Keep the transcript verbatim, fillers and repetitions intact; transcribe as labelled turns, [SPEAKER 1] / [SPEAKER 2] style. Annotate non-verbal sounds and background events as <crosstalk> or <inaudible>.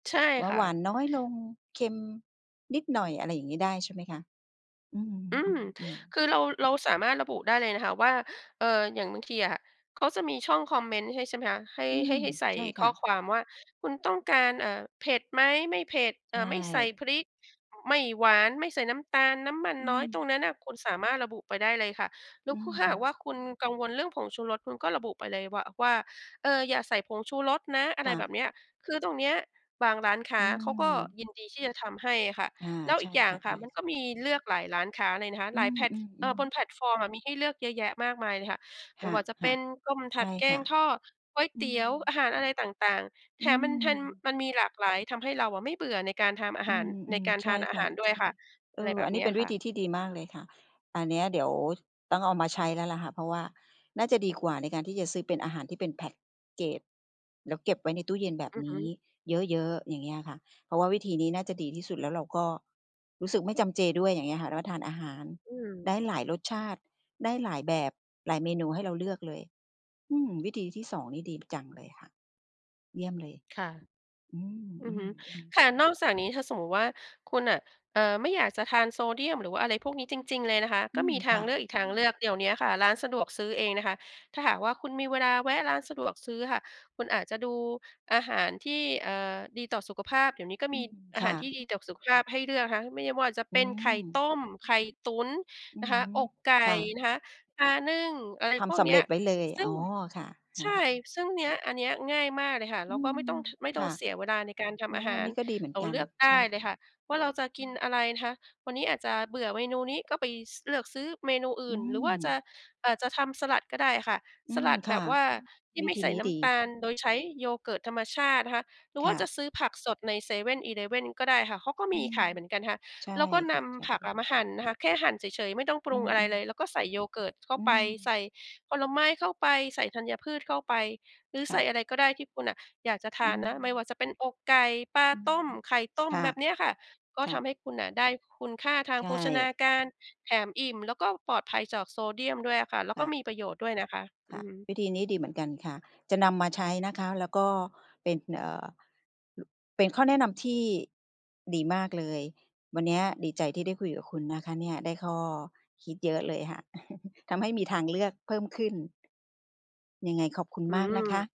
[SPEAKER 1] ใช่
[SPEAKER 2] ว่า
[SPEAKER 1] ค่
[SPEAKER 2] ห
[SPEAKER 1] ะ
[SPEAKER 2] วานน้อยลง เค็มนิดหน่อย อะไรอย่างงี้ได้ใช่ไหมคะ? อื
[SPEAKER 1] อืม
[SPEAKER 2] ม ๆ ๆ
[SPEAKER 1] คือเรา เราสามารถระบุได้เลยนะคะว่า เอ่อ อย่างบางทีอะเขาจะมีช่องคอมเมนต์ให้ ใช่ไหมคะ ให้
[SPEAKER 2] อื
[SPEAKER 1] ให้
[SPEAKER 2] ม
[SPEAKER 1] ให้ใส่
[SPEAKER 2] ใช่
[SPEAKER 1] ข
[SPEAKER 2] ค
[SPEAKER 1] ้
[SPEAKER 2] ่
[SPEAKER 1] อ
[SPEAKER 2] ะ
[SPEAKER 1] ความว่า คุณต้องการ เอ่อ เผ็ดไหม ไม่เผ็ด เอ
[SPEAKER 2] ใช
[SPEAKER 1] ่อ ไม่ใส่
[SPEAKER 2] ่
[SPEAKER 1] พริก ไม่หวาน ไม่ใส่น้ำตาล น้ำมัน
[SPEAKER 2] อื
[SPEAKER 1] น้อย ตร
[SPEAKER 2] ม
[SPEAKER 1] งนั้นน่ะคุณสามารถระบุไปได้เลยค่ะ แล
[SPEAKER 2] อ
[SPEAKER 1] ้
[SPEAKER 2] ื
[SPEAKER 1] วคุ ก็ถ้าหากว่า
[SPEAKER 2] ม
[SPEAKER 1] คุณกังวลเรื่องผงชูรส คุณก็ระบุไปเลยวา ว่า "เอ่อ อย่าใส่ผงชูรสนะ" อะไร
[SPEAKER 2] ค่
[SPEAKER 1] แบ
[SPEAKER 2] ะ
[SPEAKER 1] บเนี้ย คือตรงเนี้ยบางร้านค้
[SPEAKER 2] อ
[SPEAKER 1] า
[SPEAKER 2] ื
[SPEAKER 1] เขาก็
[SPEAKER 2] ม
[SPEAKER 1] ยินดีที่จะทำให้อะค่ะ
[SPEAKER 2] อา
[SPEAKER 1] แล้ว
[SPEAKER 2] ใ
[SPEAKER 1] อ
[SPEAKER 2] ช
[SPEAKER 1] ี
[SPEAKER 2] ่
[SPEAKER 1] กอย่า
[SPEAKER 2] ค
[SPEAKER 1] ง
[SPEAKER 2] ่ะ
[SPEAKER 1] ค่
[SPEAKER 2] ใช
[SPEAKER 1] ะ มันก็
[SPEAKER 2] ่ ๆ
[SPEAKER 1] มีเลือกหลายร้านค้าเลยนะคะ
[SPEAKER 2] อ
[SPEAKER 1] หลายแพลต
[SPEAKER 2] ื
[SPEAKER 1] เอ่อ
[SPEAKER 2] อ
[SPEAKER 1] บ
[SPEAKER 2] ๆ ๆ
[SPEAKER 1] นแพลตฟอร์มอะมีให้เลือกเยอะแยะมากมายเลยค่ะ ไ
[SPEAKER 2] ค
[SPEAKER 1] ม่
[SPEAKER 2] ่ะ
[SPEAKER 1] ว่าจะเป็นต้ม ถ
[SPEAKER 2] ๆ ใช
[SPEAKER 1] ัด
[SPEAKER 2] ่
[SPEAKER 1] แก
[SPEAKER 2] ค่
[SPEAKER 1] ง
[SPEAKER 2] ะ
[SPEAKER 1] ทอด ก๋วย
[SPEAKER 2] อื
[SPEAKER 1] เตี
[SPEAKER 2] ม
[SPEAKER 1] ๋ยว อาหารอะไรต่าง ๆ แถ
[SPEAKER 2] อื
[SPEAKER 1] มมันทัน
[SPEAKER 2] ม
[SPEAKER 1] มันมีหลากหลาย ทำให้เราอะไม่เบื่อในการทำอา
[SPEAKER 2] อ
[SPEAKER 1] ห
[SPEAKER 2] ื
[SPEAKER 1] าร ใน
[SPEAKER 2] ม
[SPEAKER 1] การ
[SPEAKER 2] ๆ ใ
[SPEAKER 1] ท
[SPEAKER 2] ช
[SPEAKER 1] า
[SPEAKER 2] ่
[SPEAKER 1] นอา
[SPEAKER 2] ค
[SPEAKER 1] ห
[SPEAKER 2] ่
[SPEAKER 1] า
[SPEAKER 2] ะ
[SPEAKER 1] รด้
[SPEAKER 2] ใ
[SPEAKER 1] ว
[SPEAKER 2] ช
[SPEAKER 1] ย
[SPEAKER 2] ่
[SPEAKER 1] ค่ะ
[SPEAKER 2] เอ
[SPEAKER 1] อะไร
[SPEAKER 2] อ
[SPEAKER 1] แบ
[SPEAKER 2] อ
[SPEAKER 1] บ
[SPEAKER 2] ันน
[SPEAKER 1] เ
[SPEAKER 2] ี
[SPEAKER 1] นี
[SPEAKER 2] ้
[SPEAKER 1] ้
[SPEAKER 2] เ
[SPEAKER 1] ย
[SPEAKER 2] ป็น
[SPEAKER 1] ค
[SPEAKER 2] วิ
[SPEAKER 1] ่ะ
[SPEAKER 2] ธีที่ดีมากเลยค่ะ อันนี้เดี๋ยวต้องเอามาใช้แล้วแหละค่ะ เพราะว่าน่าจะดีกว่าในการที่จะซื้อเป็นอาหารที่เป็น แพ็กเกจ แล้วเก็บไว้ในตู้เย็นแบบ
[SPEAKER 1] อือ
[SPEAKER 2] น
[SPEAKER 1] ฮ
[SPEAKER 2] ี้
[SPEAKER 1] ึ
[SPEAKER 2] เยอะ ๆ อย่างเงี้ยค่ะ เพราะว่าวิธีนี้น่าจะดีที่สุด แล้วเราก็รู้สึกไม่จำเจด้วย อย่างเงี้ยค่ะ แล้วทานอาหาร
[SPEAKER 1] อื
[SPEAKER 2] ได
[SPEAKER 1] ม
[SPEAKER 2] ้หลายรสชาติ ได้หลายแบบ หลายเมนู ให้เราเลือกเลย อืม วิธีที่ สอง นี่ดี จังเลยค่ะ เยี่ยมเลย
[SPEAKER 1] ค่ะ
[SPEAKER 2] อื
[SPEAKER 1] อือฮึ
[SPEAKER 2] ม ๆ ๆ
[SPEAKER 1] ค่ะ นอกจากนี้ ถ้าสมมติว่า คุณน่ะ เอ่อ ไม่อยากจะทานโซเดียม หรือว่าอะไรพวกนี้จริง ๆ เลยนะคะ
[SPEAKER 2] อ
[SPEAKER 1] ก
[SPEAKER 2] ื
[SPEAKER 1] ็ม
[SPEAKER 2] ม
[SPEAKER 1] ีท
[SPEAKER 2] ค
[SPEAKER 1] าง
[SPEAKER 2] ่
[SPEAKER 1] เล
[SPEAKER 2] ะ
[SPEAKER 1] ือกอีกทางเลือก เดี๋ยวเนี้ยค่ะ ร้านสะดวกซื้อเองนะคะ ถ้าหากว่าคุณมีเวลาแวะร้านสะดวกซื้ออะค่ะ คุณอาจจะดูอาหารที่ เอ่อ ดีต่อสุขภาพ เดี๋ยวนี้ก็
[SPEAKER 2] อื
[SPEAKER 1] มี
[SPEAKER 2] ม
[SPEAKER 1] อา
[SPEAKER 2] ค
[SPEAKER 1] หา
[SPEAKER 2] ่
[SPEAKER 1] รที่
[SPEAKER 2] ะ
[SPEAKER 1] ดีต่อสุขภาพให้เลือกนะคะ ไม่ว่าจะ
[SPEAKER 2] อ
[SPEAKER 1] เ
[SPEAKER 2] ื
[SPEAKER 1] ป็นไข่ต
[SPEAKER 2] ม
[SPEAKER 1] ้ม ไข่ตุ๋น
[SPEAKER 2] อื
[SPEAKER 1] น
[SPEAKER 2] อ
[SPEAKER 1] ะค
[SPEAKER 2] ฮ
[SPEAKER 1] ะ
[SPEAKER 2] ึ
[SPEAKER 1] อกไก่
[SPEAKER 2] ค่ะ
[SPEAKER 1] นะคะ ปลานึ่ง อะไร
[SPEAKER 2] ท
[SPEAKER 1] พว
[SPEAKER 2] ำ
[SPEAKER 1] ก
[SPEAKER 2] สำ
[SPEAKER 1] เนี
[SPEAKER 2] เ
[SPEAKER 1] ้
[SPEAKER 2] ร็
[SPEAKER 1] ย
[SPEAKER 2] จไว้เลย
[SPEAKER 1] ซึ
[SPEAKER 2] อ
[SPEAKER 1] ่ง
[SPEAKER 2] ๋อ ค่ะ อ
[SPEAKER 1] ใช
[SPEAKER 2] ะฮ
[SPEAKER 1] ่
[SPEAKER 2] ะ
[SPEAKER 1] ซึ่งเนี้ย อันเนี้ยง่ายมากเลยค่ะ
[SPEAKER 2] อ
[SPEAKER 1] เร
[SPEAKER 2] ื
[SPEAKER 1] าก็ไ
[SPEAKER 2] ม
[SPEAKER 1] ม่ต้อง ท ไม่ต
[SPEAKER 2] ค
[SPEAKER 1] ้อ
[SPEAKER 2] ่
[SPEAKER 1] ง
[SPEAKER 2] ะ
[SPEAKER 1] เสียเวลาในการท
[SPEAKER 2] โอ้
[SPEAKER 1] ำอา
[SPEAKER 2] โฮ
[SPEAKER 1] ห
[SPEAKER 2] อั
[SPEAKER 1] า
[SPEAKER 2] น
[SPEAKER 1] ร
[SPEAKER 2] นี้ก็ดีเหมือ
[SPEAKER 1] เร
[SPEAKER 2] น
[SPEAKER 1] า
[SPEAKER 2] กั
[SPEAKER 1] เล
[SPEAKER 2] น
[SPEAKER 1] ือกได
[SPEAKER 2] ใช่
[SPEAKER 1] ้เ
[SPEAKER 2] ค
[SPEAKER 1] ล
[SPEAKER 2] ่ะ
[SPEAKER 1] ยค่ะว่าเราจะก
[SPEAKER 2] อื
[SPEAKER 1] ิน
[SPEAKER 2] ม
[SPEAKER 1] อะไรนะคะ วันนี้อาจจะเบื่อเมนูนี้ก็ไป ส เลือกซื้อเมนูอ
[SPEAKER 2] อ
[SPEAKER 1] ื
[SPEAKER 2] ื
[SPEAKER 1] ่น หรือว่าจะ
[SPEAKER 2] ม
[SPEAKER 1] อาจทำสลัดก็ได้ค่ะ
[SPEAKER 2] อ
[SPEAKER 1] ส
[SPEAKER 2] ื
[SPEAKER 1] ล
[SPEAKER 2] ม
[SPEAKER 1] ัด
[SPEAKER 2] ค
[SPEAKER 1] แบ
[SPEAKER 2] ่
[SPEAKER 1] บ
[SPEAKER 2] ะ
[SPEAKER 1] ว่าที่
[SPEAKER 2] วิ
[SPEAKER 1] ไม่
[SPEAKER 2] ธี
[SPEAKER 1] ใส่
[SPEAKER 2] นี้
[SPEAKER 1] น้
[SPEAKER 2] ดี
[SPEAKER 1] ำตาล โดยใช้ yogurt ธรรมชาตินะคะ หรือ
[SPEAKER 2] ค
[SPEAKER 1] ว่า
[SPEAKER 2] ่
[SPEAKER 1] จะ
[SPEAKER 2] ะ
[SPEAKER 1] ซื้อผักสดในเซเว่น อีเลฟเว่นก็ได้ค่ะ เขาก็
[SPEAKER 2] อ
[SPEAKER 1] ม
[SPEAKER 2] ื
[SPEAKER 1] ี
[SPEAKER 2] ม
[SPEAKER 1] ขายเหมือนกันนะคะ
[SPEAKER 2] ใช่
[SPEAKER 1] แล้วก็น
[SPEAKER 2] ค่ะ ใช่
[SPEAKER 1] ำผักอะมาหั่นนะคะ แค่หั่นเฉย ๆ ไม่ต้องปร
[SPEAKER 2] อื
[SPEAKER 1] ุงอะไร
[SPEAKER 2] อ
[SPEAKER 1] เล
[SPEAKER 2] ๆ
[SPEAKER 1] ย แล้วก็ใส่ yogurt เข้า
[SPEAKER 2] อื
[SPEAKER 1] ไป ใส
[SPEAKER 2] ม
[SPEAKER 1] ่ผลไม้เข้าไป ใส่ธัญพืชเข้าไป หรือ
[SPEAKER 2] ค
[SPEAKER 1] ใส
[SPEAKER 2] ่
[SPEAKER 1] ่
[SPEAKER 2] ะ
[SPEAKER 1] อะไรก็ได้ที่คุณน่ะอยากจะท
[SPEAKER 2] อื
[SPEAKER 1] านนะ ไม่
[SPEAKER 2] ม
[SPEAKER 1] ว่าจะเป็นอกไก่ ปลา
[SPEAKER 2] อืม
[SPEAKER 1] ต้ม ไข่ต้ม
[SPEAKER 2] ค่
[SPEAKER 1] แ
[SPEAKER 2] ะ
[SPEAKER 1] บบเนี้ยค่ะ ก็
[SPEAKER 2] ค
[SPEAKER 1] ท
[SPEAKER 2] ่ะ
[SPEAKER 1] ำให้คุณน่ะได้คุณค่าทา
[SPEAKER 2] ใ
[SPEAKER 1] ง
[SPEAKER 2] ช
[SPEAKER 1] โภชนา
[SPEAKER 2] ่
[SPEAKER 1] การ แถมอิ่ม แล้วก็ปลอดภัยจากโซเดียมด้วยอะค่ะ แล้ว
[SPEAKER 2] ค
[SPEAKER 1] ก็
[SPEAKER 2] ่ะ
[SPEAKER 1] มีประโยชน์ด้วยนะคะ
[SPEAKER 2] ค
[SPEAKER 1] อื
[SPEAKER 2] ่ะ
[SPEAKER 1] อฮึ
[SPEAKER 2] วิธีนี้ดีเหมือนกันค่ะ จะนำมาใช้นะคะ แล้วก็เป็น เอ่อ ล เป็นข้อแนะนำที่ดีมากเลย วันเนี้ยดีใจที่ได้คุยกับคุณนะคะเนี่ย ได้ข้อคิดเยอะเลยค่ะ <chuckles> ทำให้มีทางเลือกเพิ่มขึ้น ยังไงขอบคุณ
[SPEAKER 1] อื
[SPEAKER 2] มากนะค
[SPEAKER 1] ม
[SPEAKER 2] ะ